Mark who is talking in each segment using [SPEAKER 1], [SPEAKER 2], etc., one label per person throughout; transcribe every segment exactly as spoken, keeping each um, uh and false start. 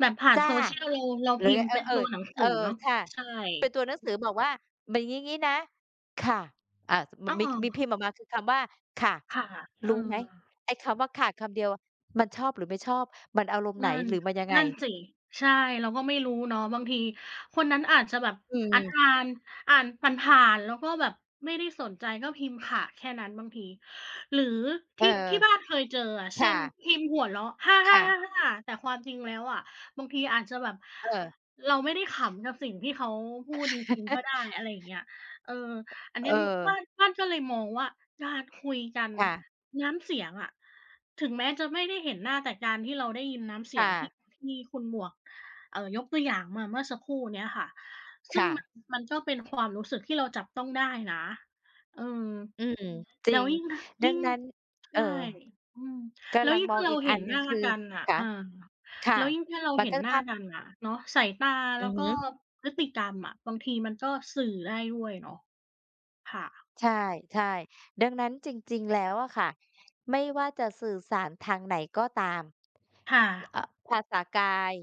[SPEAKER 1] แบบผ่า
[SPEAKER 2] จ
[SPEAKER 1] น
[SPEAKER 2] ้ะ
[SPEAKER 1] Social เรา เรา
[SPEAKER 2] หร
[SPEAKER 1] พ
[SPEAKER 2] ื
[SPEAKER 1] ิ
[SPEAKER 2] อ
[SPEAKER 1] มพ์
[SPEAKER 2] เอ
[SPEAKER 1] เป
[SPEAKER 2] อ
[SPEAKER 1] ็นตัวหนังส
[SPEAKER 2] ๆ เ
[SPEAKER 1] ื
[SPEAKER 2] อ
[SPEAKER 1] อ
[SPEAKER 2] อ
[SPEAKER 1] เนาะ
[SPEAKER 2] ค่ะ
[SPEAKER 1] ใช่
[SPEAKER 2] เป็นตัวหนัง
[SPEAKER 1] อื
[SPEAKER 2] สื
[SPEAKER 1] อ
[SPEAKER 2] อบอกว่า หมึ่ง งี้ ๆ นะ ค่ะ อ่า ส ม
[SPEAKER 1] อ้อ
[SPEAKER 2] มี มีพิมพ์ออกมา คือคำว่า ค่ะ
[SPEAKER 1] ค่ะ เอ
[SPEAKER 2] ร
[SPEAKER 1] อ
[SPEAKER 2] ู้ไหม ไอ้คำว่าค่ะ คำเดียวมันชอบหรือไม่ชอบ? มันอารมณ์ไ
[SPEAKER 1] น
[SPEAKER 2] ห
[SPEAKER 1] ั
[SPEAKER 2] น
[SPEAKER 1] ่น
[SPEAKER 2] หรือมันยังไง?
[SPEAKER 1] นั่นสิ ใช่ เราก็ไม่รู้เนาะ บางทีคนนั้นอาจจะแบบ
[SPEAKER 2] อื
[SPEAKER 1] อั๊ด
[SPEAKER 2] ม
[SPEAKER 1] อาน อ่านผ่าน ๆ แล้วก็แบบไม่ได้สนใจก็พิมพ์ ค่ะ แค่นั้นบางที หรือ
[SPEAKER 2] เ
[SPEAKER 1] ท
[SPEAKER 2] ออ
[SPEAKER 1] ี่ ที่บ้านเคยเจออะ
[SPEAKER 2] ค
[SPEAKER 1] เช่
[SPEAKER 2] ่
[SPEAKER 1] น
[SPEAKER 2] ะ
[SPEAKER 1] พิมพ์หัวเราะ "ฮ่า
[SPEAKER 2] ค่ะ
[SPEAKER 1] ๆ ๆ ๆ" แต่ความจริงแล้วอะ บางทีอาจจะแบบ
[SPEAKER 2] เออ
[SPEAKER 1] เราไม่ได้ขำกับสิ่งที่เขาพูดจริง ๆ ก็ได้ อะไรอย่างเงี้ย เออ อันน
[SPEAKER 2] เ
[SPEAKER 1] ี้
[SPEAKER 2] อ
[SPEAKER 1] มุ บ
[SPEAKER 2] อ
[SPEAKER 1] ้าน บ้านก็เลยมองว่าการคุยกัน
[SPEAKER 2] ค่ะ
[SPEAKER 1] น้ำเสียงอะ ถึงแม้จะไม่ได้เห็นหน้า แต่การที่เราได้ยินน้ำเส
[SPEAKER 2] ค
[SPEAKER 1] ี
[SPEAKER 2] ่
[SPEAKER 1] ยง ที่
[SPEAKER 2] ะ
[SPEAKER 1] ที่คุณหมวก เอ่อ ยกตัวอย่างมา เมื่อสักครู่เนี้ยค่ะ ซ
[SPEAKER 2] ค
[SPEAKER 1] ึ่ง
[SPEAKER 2] ่
[SPEAKER 1] ม
[SPEAKER 2] ะ
[SPEAKER 1] ัน มันก็เป็นความรู้สึกที่เราจับต้องได้นะ เออ
[SPEAKER 2] อืม จ
[SPEAKER 1] แ
[SPEAKER 2] ร
[SPEAKER 1] ล
[SPEAKER 2] ิ
[SPEAKER 1] ้ว
[SPEAKER 2] ง
[SPEAKER 1] ยิ่ง ถ
[SPEAKER 2] ด
[SPEAKER 1] ย
[SPEAKER 2] ั
[SPEAKER 1] ิ่
[SPEAKER 2] ง
[SPEAKER 1] ง
[SPEAKER 2] นั้น เ
[SPEAKER 1] ใช
[SPEAKER 2] อ่อ
[SPEAKER 1] ่ อืม
[SPEAKER 2] ก
[SPEAKER 1] แล้
[SPEAKER 2] ำ
[SPEAKER 1] ว
[SPEAKER 2] ลัง
[SPEAKER 1] ยิ่ง
[SPEAKER 2] ม
[SPEAKER 1] ถ
[SPEAKER 2] อ
[SPEAKER 1] ้า
[SPEAKER 2] ง
[SPEAKER 1] เร
[SPEAKER 2] อ
[SPEAKER 1] า
[SPEAKER 2] ีก
[SPEAKER 1] เห
[SPEAKER 2] อั
[SPEAKER 1] ็
[SPEAKER 2] น
[SPEAKER 1] น
[SPEAKER 2] หน
[SPEAKER 1] ห
[SPEAKER 2] ึ่
[SPEAKER 1] น
[SPEAKER 2] ง
[SPEAKER 1] ้า
[SPEAKER 2] คือ
[SPEAKER 1] กันน่ะ
[SPEAKER 2] ค
[SPEAKER 1] เ
[SPEAKER 2] ะ
[SPEAKER 1] ออ
[SPEAKER 2] ค่ะ
[SPEAKER 1] แล้วยิ่งถ้าเรา
[SPEAKER 2] มัน
[SPEAKER 1] เห็
[SPEAKER 2] ก
[SPEAKER 1] น
[SPEAKER 2] ็
[SPEAKER 1] หน้
[SPEAKER 2] ภ
[SPEAKER 1] า
[SPEAKER 2] าพ
[SPEAKER 1] กันอะ เนาะ สายตา
[SPEAKER 2] อื
[SPEAKER 1] แล้
[SPEAKER 2] อ
[SPEAKER 1] ว
[SPEAKER 2] ฮ
[SPEAKER 1] ก็
[SPEAKER 2] ึ
[SPEAKER 1] พฤติกรรมอะ บางทีมันก็สื่อได้ด้วยเนาะ ค่ะ
[SPEAKER 2] ใช่ ใช่ ดังนั้นจริง ๆ แล้วอะค่ะ ไม่ว่าจะสื่อสารทางไหนก็ตาม
[SPEAKER 1] ค่ะ
[SPEAKER 2] ภาษากาย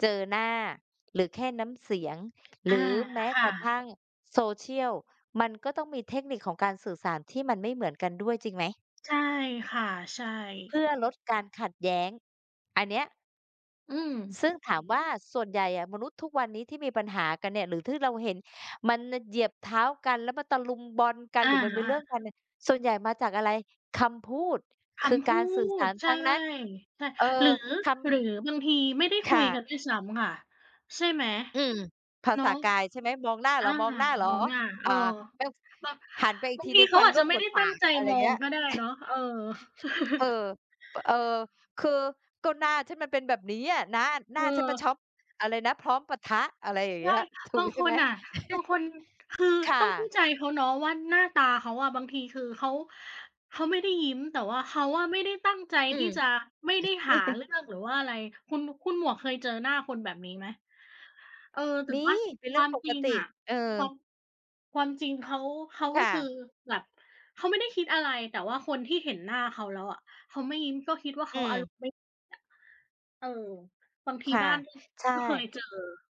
[SPEAKER 2] เจอหน้าหรือแค่น้ำเสียง หร
[SPEAKER 1] อ
[SPEAKER 2] ื
[SPEAKER 1] า
[SPEAKER 2] อแม้
[SPEAKER 1] ค
[SPEAKER 2] ก
[SPEAKER 1] ่
[SPEAKER 2] ระท
[SPEAKER 1] ะ
[SPEAKER 2] ั่ง Social มันก็ต้องมีเทคนิคของการสื่อสารที่มันไม่เหมือนกันด้วย จริงไหม?
[SPEAKER 1] ใช่ค่ะ ใช่
[SPEAKER 2] เพื่อลดการขัดแย้ง อันเนี้ย
[SPEAKER 1] อืม
[SPEAKER 2] ซึ่งถามว่าส่วนใหญ่อะ มนุษย์ทุกวันนี้ที่มีปัญหากันเนี่ย หรือที่อเราเห็นมันน่ะเหยียบเท้ากัน แล้วมันตะลุมบอนกัน
[SPEAKER 1] อ
[SPEAKER 2] หรือมันมี
[SPEAKER 1] า
[SPEAKER 2] เรื่องกั
[SPEAKER 1] ๆ
[SPEAKER 2] นเนี่ย ส่วนใหญ่มาจากอะไร? คำพูด ค
[SPEAKER 1] ค
[SPEAKER 2] ือ
[SPEAKER 1] ำพ
[SPEAKER 2] ก
[SPEAKER 1] ู
[SPEAKER 2] ารสื่อส
[SPEAKER 1] ด
[SPEAKER 2] าร
[SPEAKER 1] ใช
[SPEAKER 2] ท
[SPEAKER 1] ่
[SPEAKER 2] ั้งนั้น
[SPEAKER 1] ใช่
[SPEAKER 2] เออ
[SPEAKER 1] หรือ
[SPEAKER 2] คำ
[SPEAKER 1] หรือบางทีไม่ได้
[SPEAKER 2] ค
[SPEAKER 1] คุ
[SPEAKER 2] ่
[SPEAKER 1] ยก
[SPEAKER 2] ะ
[SPEAKER 1] ันด้วยซ้ำค่ะ ใช่ไหม?
[SPEAKER 2] อืม ภา
[SPEAKER 1] เนา
[SPEAKER 2] ษา
[SPEAKER 1] ะ
[SPEAKER 2] กาย ใช่ไหม? มองหน้าเ
[SPEAKER 1] อ
[SPEAKER 2] หร
[SPEAKER 1] า
[SPEAKER 2] อ มองหน้าเหรอ?
[SPEAKER 1] มองหน้า เ
[SPEAKER 2] อ
[SPEAKER 1] อ
[SPEAKER 2] ่า
[SPEAKER 1] อ
[SPEAKER 2] แต้ว
[SPEAKER 1] บาง
[SPEAKER 2] หันไปอี
[SPEAKER 1] บ
[SPEAKER 2] ก
[SPEAKER 1] า
[SPEAKER 2] ท
[SPEAKER 1] ง
[SPEAKER 2] ี
[SPEAKER 1] ท
[SPEAKER 2] ห
[SPEAKER 1] ี
[SPEAKER 2] นึ่ง
[SPEAKER 1] เข
[SPEAKER 2] ฟ
[SPEAKER 1] า
[SPEAKER 2] ัน
[SPEAKER 1] อาจ
[SPEAKER 2] ร
[SPEAKER 1] จ
[SPEAKER 2] ่
[SPEAKER 1] ะ
[SPEAKER 2] วง
[SPEAKER 1] ไม
[SPEAKER 2] ห
[SPEAKER 1] ่
[SPEAKER 2] ม
[SPEAKER 1] ได
[SPEAKER 2] ด
[SPEAKER 1] ้
[SPEAKER 2] ป
[SPEAKER 1] ต
[SPEAKER 2] า
[SPEAKER 1] ั้ง
[SPEAKER 2] ก
[SPEAKER 1] ใจ
[SPEAKER 2] อะไร
[SPEAKER 1] มอ
[SPEAKER 2] เงี
[SPEAKER 1] ง
[SPEAKER 2] ้ย
[SPEAKER 1] ก็ได้เนาะ เออ
[SPEAKER 2] เออ ป เออ คือ "ก็หน้าฉันมันเป็นแบบเนี้ย น้า หน้
[SPEAKER 1] เ
[SPEAKER 2] าฉันมัน
[SPEAKER 1] ออ
[SPEAKER 2] ช้อบ อะไรนะ พร้อมปะทะ" อะไรอย่าง
[SPEAKER 1] ใ
[SPEAKER 2] เ
[SPEAKER 1] ช
[SPEAKER 2] งี้
[SPEAKER 1] ่
[SPEAKER 2] ย ถู
[SPEAKER 1] บ
[SPEAKER 2] ก
[SPEAKER 1] าง
[SPEAKER 2] ใช
[SPEAKER 1] ค
[SPEAKER 2] ่ไหม?
[SPEAKER 1] นอะ บางคน คือ
[SPEAKER 2] ค่ะ
[SPEAKER 1] ต้องเข้าใจเขาเนาะว่า หน้าตาเขาอะบางที คือเขา เขาไม่ได้ยิ้ม แต่ว่าเขาอะไม่ได้ตั้งใจ
[SPEAKER 2] อื
[SPEAKER 1] ที่
[SPEAKER 2] ม
[SPEAKER 1] จะ ไม่ได้หาเรื่อง หรือว่าอะไร คุณ คุณหมวกเคยเจอหน้าคนแบบนี้ไหม? เออ แต่
[SPEAKER 2] มี
[SPEAKER 1] ว่า
[SPEAKER 2] เป็นเ
[SPEAKER 1] ค
[SPEAKER 2] รื่
[SPEAKER 1] วา
[SPEAKER 2] อง
[SPEAKER 1] ม
[SPEAKER 2] ป
[SPEAKER 1] จ
[SPEAKER 2] ก
[SPEAKER 1] ริง
[SPEAKER 2] ติ
[SPEAKER 1] อะ
[SPEAKER 2] เออ
[SPEAKER 1] ความ ความจริงเขา เขา
[SPEAKER 2] ค
[SPEAKER 1] ก็
[SPEAKER 2] ่
[SPEAKER 1] คือ
[SPEAKER 2] ะ
[SPEAKER 1] แบบ เขาไม่ได้คิดอะไร แต่ว่าคนที่เห็นหน้าเขาแล้วอะ เขาไม่ยิ้ม ก็คิดว่า
[SPEAKER 2] อ
[SPEAKER 1] เขาอาร
[SPEAKER 2] ืม
[SPEAKER 1] มณ์ไม่ อะ เออ บางที
[SPEAKER 2] ค่
[SPEAKER 1] บ
[SPEAKER 2] ะ
[SPEAKER 1] ้าน ก็
[SPEAKER 2] ใช่
[SPEAKER 1] ก็เคยเจอ